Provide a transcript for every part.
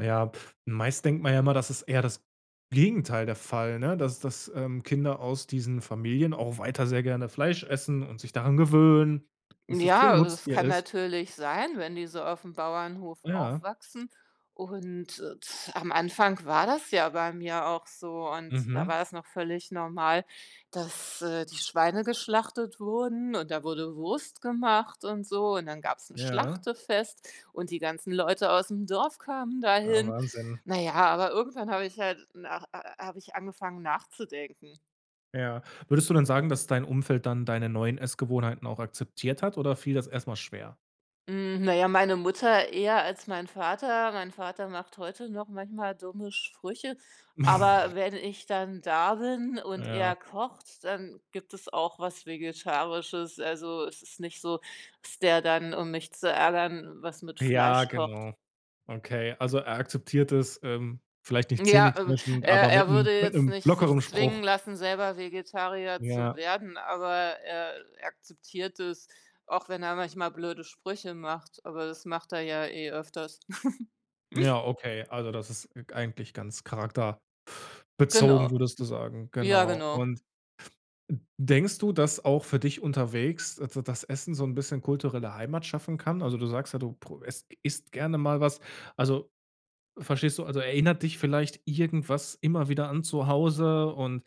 Ja, meist denkt man ja immer, das ist eher das Gegenteil der Fall, ne? Dass dass, ähm, Kinder aus diesen Familien auch weiter sehr gerne Fleisch essen und sich daran gewöhnen, dass das Tier Ja, es Nutztier kann ist. natürlich sein, wenn die so auf dem Bauernhof Ja. aufwachsen und am Anfang war das ja bei mir auch so und da Mhm. war es noch völlig normal, dass, äh, die Schweine geschlachtet wurden und da wurde Wurst gemacht und so und dann gab es 'n Ja. Schlachtefest und die ganzen Leute aus dem Dorf kamen Ja, dahin. Wahnsinn. Na ja, aber irgendwann habe ich halt nach äh, habe ich angefangen nachzudenken. Ja. Würdest du dann sagen, dass dein Umfeld dann deine neuen Essgewohnheiten auch akzeptiert hat oder fiel das erst mal schwer? Hm. Na ja, meine Mutter eher als mein Vater. Mein Vater macht heute noch manchmal dumme Sprüche, aber wenn ich dann da bin und Ja. er kocht, dann gibt es auch was Vegetarisches. Also es ist nicht so, dass der dann um mich zu ärgern was mit Ja. Fleisch kocht. Genau. Okay, also er akzeptiert es. Ähm, vielleicht nicht Ja, äh, zähneklirschend, aber er mit er 'nem würde mit jetzt 'nem nicht sich lockerem zwingen Spruch. lassen selber Vegetarier zu Ja. werden aber er akzeptiert es auch wenn er manchmal blöde Sprüche macht, aber das macht er ja eh öfters. Ja, okay, also das ist eigentlich ganz charakterbezogen, Genau. würdest du sagen, Ja genau. genau. Und de denkst du, dass auch für dich unterwegs, da dass Essen so 'n bisschen kulturelle Heimat schaffen kann? Also du sagst ja, du pro es isst gerne mal was. Also verstehst du? Also erinnert dich vielleicht irgendwas immer wieder an zu Hause und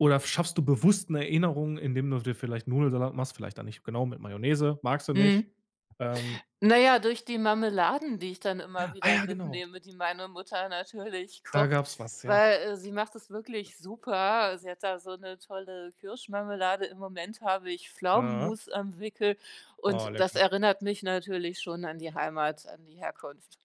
oder schaffst du bewusst 'ne Erinnerung, indem du dir vielleicht Nudelsalat machst? Vielleicht da nicht, genau mit Mayonnaise, magst du nicht. Mhm. Ähm Naja durch die Marmeladen, die ich dann immer Ah wieder ja, genau. mitnehme, die meine Mutter natürlich Da kocht, gab es was, ja. weil, äh, sie macht es wirklich super. Sie hat da so 'ne tolle Kirschmarmelade. Im Moment habe ich Aha. Pflaumenmus am Wickel Oh, und das lecker. erinnert mich natürlich schon an die Heimat, an die Herkunft.